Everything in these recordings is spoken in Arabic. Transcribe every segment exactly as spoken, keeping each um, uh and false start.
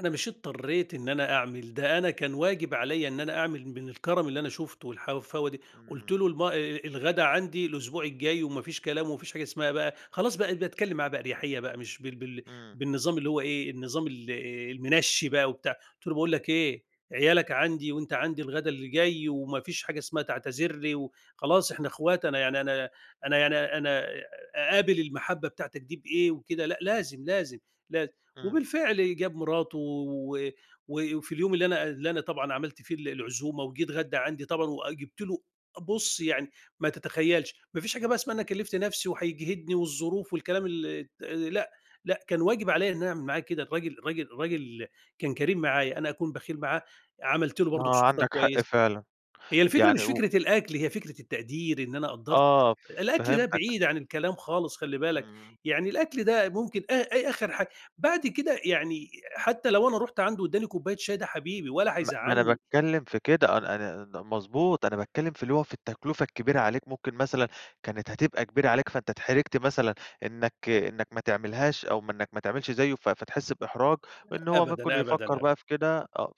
أنا مش اضطريت إن أنا أعمل ده، أنا كان واجب عليّا إن أنا أعمل من الكَرم اللي أنا شُفته حاوفاوة دي. قُلت إمم. له: "الم أ أ الغدا عندي الأسبوع الجاي وما فيش كلام، وما فيش حاجة اسمها بقى" خلاص، بقيت باتكلم معاه بقى باريحيّة بقى مش بال بال إمم. بالنظام اللي هو إيه، النظام ال المنشّي بقى وبتاع. قُلت له: "باقول لَك إيه، عيالَك عندي وأنت عندي الغدا اللي جاي، وما فيش حاجة اسمها تعتذر لي وخلاص إحنا أخوات، أنا يعني أنا أنا يعني أنا أقابل المحبّة بتاعتَك دي بإيه، وكده لأ، لازم، لازم، لازم." إمم. وبالفعل جاب مراته و و وفي اليوم اللي أنا اللي أنا طبعًا عملت فيه ال العزومة وجه اتغدا عندي طبعًا، وجبت له بُص، يعني ما تتخيلش، ما فيش حاجة بقى اسمها أنا كلِّفت نفسي وهيجهدني والظروف والكلام الت لأ، لأ، كان واجب عليّا إن أعمل معاه كده، الراجل الراجل الراجل كان كريم معايّا، أنا أكون بخيل معاه؟ عملت له برضه آه، سفرة عندك حق، كويس. فعلًا. هي الفكرة يعني مش و فكرة الأكل، هي فكرة التقدير، إن أنا قدرت، آه، الأكل ده فهمتَك. بعيد عن الكلام خالص خلّي بالَك، إمم. يعني الأكل ده ممكن أ أ آخر حاجة، بعد كده يعني حتى لو أنا رُحت عنده واداني كوباية شاي، ده حبيبي ولا ما ما أنا هيزعلني. باتكلم في كده، أنا أنا ن مضبوط، أنا باتكلم في اللي هو في التكلفة الكبيرة عليك ممكن مثلًا كانت هتبقى كبيرة عليك، فأنت اتحرجت مثلًا إنَّك إنَّك ما تعملهاش أو م إنَّك ما تعملش زيه ف فتحس بإحراج، لأ، إن هو ممكن أبدًا، يفكَّر أبدًا، أبدًا، بقى في كده آه،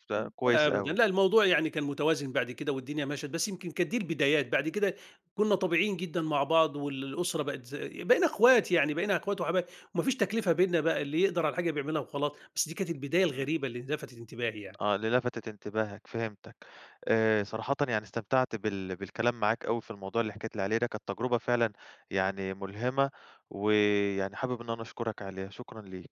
أ فكويس أبدًا أوي. لأ، الموضوع يعني كان متوازن بعد كده والدنيا مَشت، بس يمكن كانت دي البدايات، بعد كده كنّا طبيعيين إمم. جدًا مع بعض والأسرة بقت ز بقينا أخوات، يعني بقينا أخوات وحبايب، وما فيش تكلفة بينّا بقى اللي يقدر على الحاجة بيعملها وخلاص. بس دي كانت البداية إمم. الغريبة اللي لفتت انتباهي يعني. آه، اللي لفتت انتباهك، فهمتَك. آآ، صراحةً يعني استمتعت بال بالكلام معاك أوي في الموضوع اللي حَكيت لي عليه ده، كانت تجرُبة فعلًا يعني مُلهمة، ويعني حابب إن أنا أشكرَك عليها. شكرًا ليك.